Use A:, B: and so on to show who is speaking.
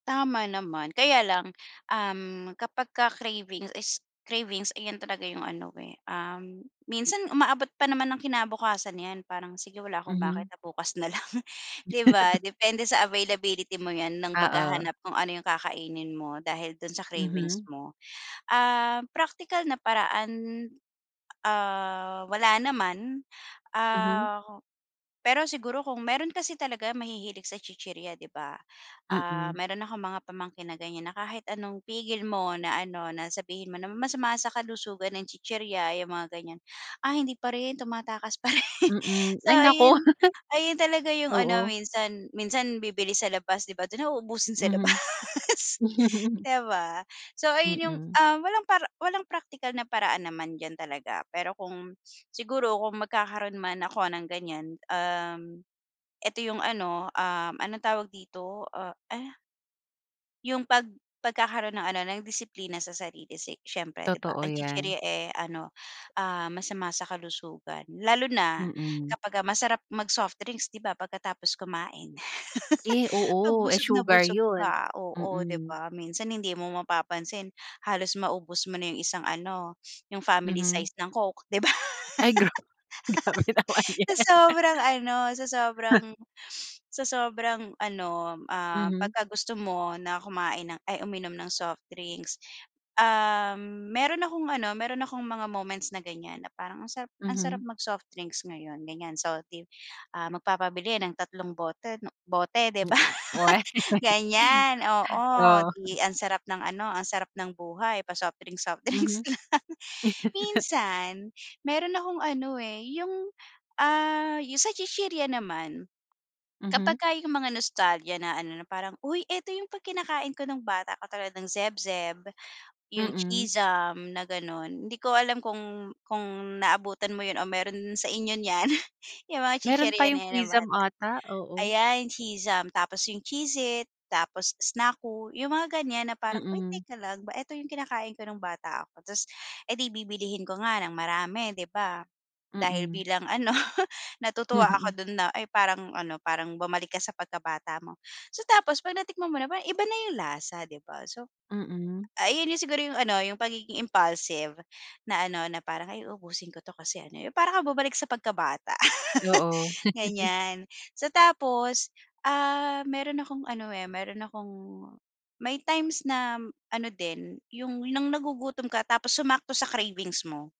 A: Tama naman. Kaya lang, um, kapagka cravings s cravings, ayan talaga yung ano, eh, um, minsan umaabot pa naman ng kinabukasan 'yan. Parang, sige wala akong
B: Mhm.
A: makita, bukas na lang, 'di ba? Depende sa availability mo 'yan ng
B: Oo.
A: paghahanap kung ano yung kakainin mo dahil dun sa cravings
B: Mhm.
A: mo. Um, praktikal na paraan, ah, wala naman.
B: Mhm.
A: Ah, pero siguro kung meron kasi talaga mahihilig sa chichirya, 'di ba? Ah,
B: Mm.
A: meron akong mga pamangkin na ganiyan, na kahit anong pigil mo na ano, na sabihin mo na masama sa kalusugan ang chichirya, eh, yung mga ganiyan, ay hindi pa rin, tumatakas pa rin.
B: Mm,
A: So
B: ay naku.
A: ayun, ayun talaga yung ano
B: Oo.
A: minsan. Minsan, bibili sa labas, 'di ba? Dun na uubusin sa labas,
B: Mhm.
A: 'di ba? So, ayun yung,
B: Mm.
A: ah, walang para walang praktikal na paraan naman diyan talaga. Pero kung siguro, kung magkakaroon man ako ng ganiyan, um, eto yung ano, um, anong tawag dito, ah, uh Yung pag pagkakaroon ng ano, ng disiplina sa sarili, si siyempre, 'di ba?
B: Totoo
A: Ang
B: 'yan.
A: chichirya, eh, ano, ah, masama sa kalusugan. Lalo na
B: Mm.
A: kapagka masarap mag-soft drinks, 'di ba, pagkatapos kumain.
B: Eh,
A: 'Pag
B: oo. Eh,
A: busog na
B: sugar
A: busog
B: yun.
A: ka, oo, 'di
B: Mm.
A: ba? Minsan, hindi mo mapapansin, halos maubos mo na yung isang ano, yung family
B: Mhm.
A: size ng Coke, 'di ba?
B: Ay gra grabe naman
A: Sa
B: 'yan.
A: sobrang ano, sa sobrang sa sobrang ano, ah,
B: Mhm.
A: pagka gusto mo na kumain ng ay, uminom ng soft drinks. Um, meron akong ano, meron akong mga moments na ganiyan na parang ang sarap, ang sarap
B: Mhm.
A: mag-soft drinks ngayon, ganiyan. So 'di, ah, magpapabili ng tatlong bote 'no, bote, 'di ba,
B: Hmm. We
A: ganiyan, oo.
B: oo.
A: 'Di ang sarap ng ano, ang sarap ng buhay, pa-soft drinks soft drinks
B: Mhm.
A: lang. Minsan, meron akong ano, eh, yung, ah yung sa chichirya naman,
B: Mhm.
A: kapagka yung mga nostalgia na ano, na parang, uy, eto yung 'pag kinakain ko nung bata, katulad ng Zeb-Zeb, yung
B: Mm.
A: Cheez-Zum na gano'n. Hindi ko alam kung kung naabutan mo yun o meron sa inyo niyan. Yung mga
B: Meron
A: chichirya
B: pa
A: na'
B: yung
A: yan nung
B: Cheez-Zum
A: bata.
B: ata, oo.
A: Ayan, Cheez-Zum, tapos yung Cheez-It, tapos Snacku, yung mga ganiyan. Na parang, uy,
B: Mm.
A: teka lang ba, eto yung kinakain ko nung bata ako, ta's edi bibilihin ko nga ng marami, 'di ba? Dahil
B: Mm.
A: bilang ano, natutuwa ako
B: Mhm.
A: dun na, ay parang ano, parang bumalik ka sa pagkabata mo. So, tapos 'pag natikman mo na, parang iba na yung lasa, 'di ba? So,
B: Mm.
A: ay yun yung siguro yung ano, yung pagiging impulsive na ano, na parang, ay, uubusin ko 'to kasi ano, eh, yung para kang bumalik sa pagkabata
B: Oo.
A: ganiyan. So, tapos, ah, meron akong ano, eh, meron akong may times na ano din, yung nang nagugutom ka tapos sumakto sa cravings mo.